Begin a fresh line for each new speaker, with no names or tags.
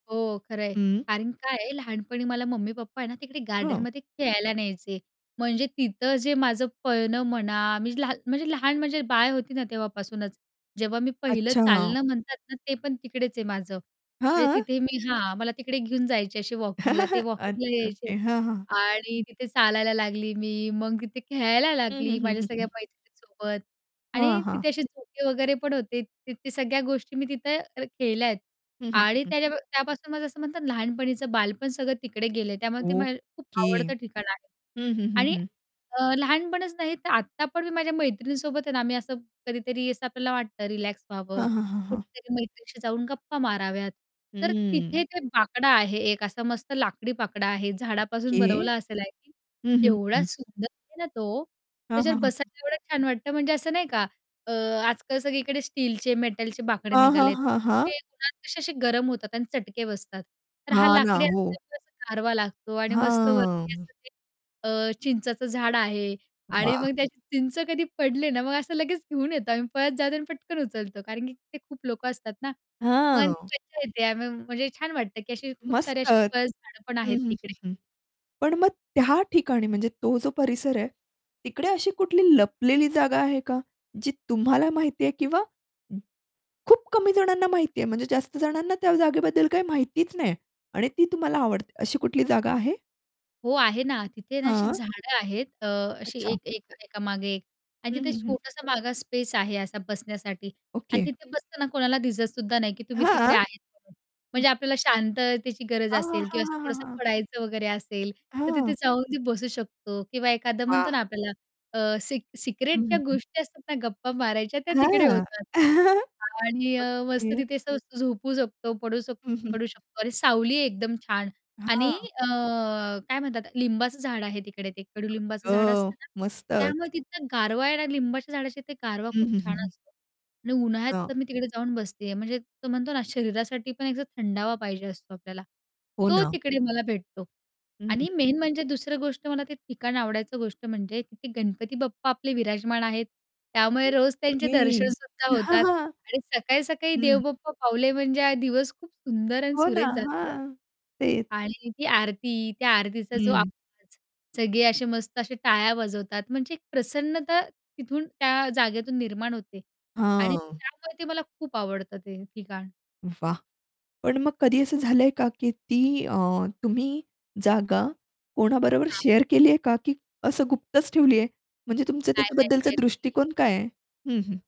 हो खरं आहे.
हं.
कारण काय आहे लहानपणी मला मम्मी पप्पा आहे ना, तिकडे
हं.
गार्डनमध्ये खेळायला न्यायचे म्हणजे तिथं जे माझं पळणं म्हणा, मी लहा म्हणजे लहान म्हणजे बाळ होती ना तेव्हापासूनच, जेव्हा मी पहिलं
अच्छा.
चालणं म्हणतात ना, ते पण तिकडेच आहे माझं. म्हणजे
हां.
तिथे मी हां, मला तिकडे घेऊन जायचे असे वॉकिंगला ते वॉकिंगला
अच्छा.
यायचे
ओके. हां, हां.
आणि तिथे चालायला लागली मी, मग तिथे खेळायला
हं, हं,
लागली
हं,
माझ्या
हं,
सगळ्या
हं.
मैत्रिणीसोबत
हां,
आणि
हां.
तिथे असे झोके वगैरे पण होते ते ते सगळ्या गोष्टी मी तिथं अ, केल्या आहेत
हं, हं, हं,
आणि
हं.
त्याजा त्यापासून माझं असं म्हणतात लहानपणीचं बालपण सगळं तिकडे गेले, त्यामुळे ते मला खूप
ओके.
आवडतं ठिकाण आहे
हं, हं, हं,
आणि
हं.
अ, लहानपणीच नाही, तर आत्ता पण मी माझ्या मैत्रिणीसोबत आहे ना, मी असं कधीतरी असं आपल्याला वाटतं रिलॅक्स व्हावं,
हां, हां, हां, हां.
कुठेतरी मैत्रिणीशी जाऊन गप्पा माराव्यात. तर
हम्म.
तिथे ते बाकडा आहे एक असा मस्त लाकडी बाकडा आहे.
ओके.
झाडापासून बनवलं असेल आय थिंक,
हं,
की
हं,
एवढा
हं.
सुंदर आहे ना तो,
हं, हं,
त्याच्यावर
हं.
बसायला एवढं छान वाटतं म्हणजे असं नाही का? अ, आजकाल सगळीकडे स्टीलचे मेटलचे बाकडे
हां, हां,
निघाले आहेत.
हां, हां.
ते उन्हात कसे असे गरम होतात आणि चटके बसतात. तर हा
हां ना.
लाकडी
हो.
असल्यामुळे असं गारवा लागतो आणि मस्त वरती
हां.
असं ते अ, चिंचाचं झाड आहे आणि
वाह!
मग त्याची चिंच कधी पडले ना, मग असं लगेच घेऊन येतो. आम्ही पळत जातो आणि पटकन उचलतो. कारण की ते खूप लोकं असतात ना, पण ती
हां.
मज्जा येते. आम्ही म्हणजे छान वाटतं, की अशी खूप
मस्त.
सारे अशी
हं,
पळस झाडं पण आहेत
हं, हं,
तिकडे.
हं. पण मग त्या ठिकाणी म्हणजे तो जो परिसर आहे. तिकडे अशी कुठली लपलेली जागा आहे का? जी तुम्हाला माहिती आहे किंवा खूप कमी जणांना माहिती आहे. म्हणजे जास्त जणांना त्या जागेबद्दल काही माहितीच नाही आणि ती तुम्हाला आवडते अशी कुठली जागा आहे?
हो, आहे ना. तिथे ना अशी
हां.
झाडं आहेत. अ, अशी
अच्छा.
एक-एक एका मागे एक आणि
हं,
तिथे
हं, हं.
छोटासा माग स्पेस आहे असा बसण्यासाठी आणि
ओके.
तिथे बसताना कोणाला दिसतसुद्धा नाही, की तुम्ही तिकडे
हां!
आहेत म्हणून
हं.
म्हणजे आपल्याला शांततेची गरज
हां, हां,
असेल
हां,
किंवा असं
हां, हां,
थोडंसं
हां.
पडायचं वगैरे असेल, तर
हां.
तिथे जाऊन ती बसू शकतो किंवा एखादं म्हणतो
हां.
ना आपल्याला अ, सि सिक्रेट
हं,
ज्या
हं, हं.
गोष्टी असतात ना, गप्पा मारायच्या, त्या तिकडे
हां.
होतात. आणि अ, मस्त
ओके.
तिथे असं मस्त झोपू शकतो, पडू
हं,
शकतो
हं.
पडू शकतो आणि सावली एकदम छान. आणि
हां.
अ, काय म्हणतात लिंबाचं झाड आहे तिकडे. ते
आई
कडूलिंबाचं झाड
गं,
असतं ना, त्यामुळे
मस्तच.
तिथं गारवा आहे ना, लिंबाच्या झाडाच्या तिथे गारवा
हं,
खूप
हं, हं,
छान
हं.
असतो. आणि उन्हाळ्यात
हां.
तर मी तिकडे जाऊन बसते आहे, म्हणजे तो म्हणतो ना शरीरासाठी पण एकदा थंडावा पाहिजे असतो आपल्याला.
हो
तो
ना.
तिकडे मला भेटतो
हं,
आणि
हं.
मेन म्हणजे दुसरी गोष्ट मला ते ठिकाण आवडायचं गोष्ट म्हणजे ते गणपती बाप्पा आपले विराजमान आहेत. त्यामुळे रोज त्यांचे
ओके,
दर्शनसुद्धा होतात आणि सकाळी-सकाळी देव
हं.
बाप्पा पावले, म्हणजे हा दिवस खूप सुंदर आणि
हो ना.
सुरेख जातो.
हां. तेच.
आणि ती आरती, त्या आरतीचा जो
हं.
आवाज, सगळे असे मस्त असे टाळ्या वाजवतात म्हणजे एक प्रसन्नता तिथून त्या जागेतून निर्माण होते आणि
हं.
त्यामुळे ते मला खूप आवडतं ते ठिकाण.
वाह! पण मग कधी असं झालंय का, की ती अ, तुम्ही जागा कोणाबरोबर
हां.
शेअर केली आहे का? की असं गुप्तच ठेवली आहे? म्हणजे तुमचं
काय नाही
त्याच्याबद्दलचा
शेअर केली.
दृष्टीकोन काय आहे? हं, हं.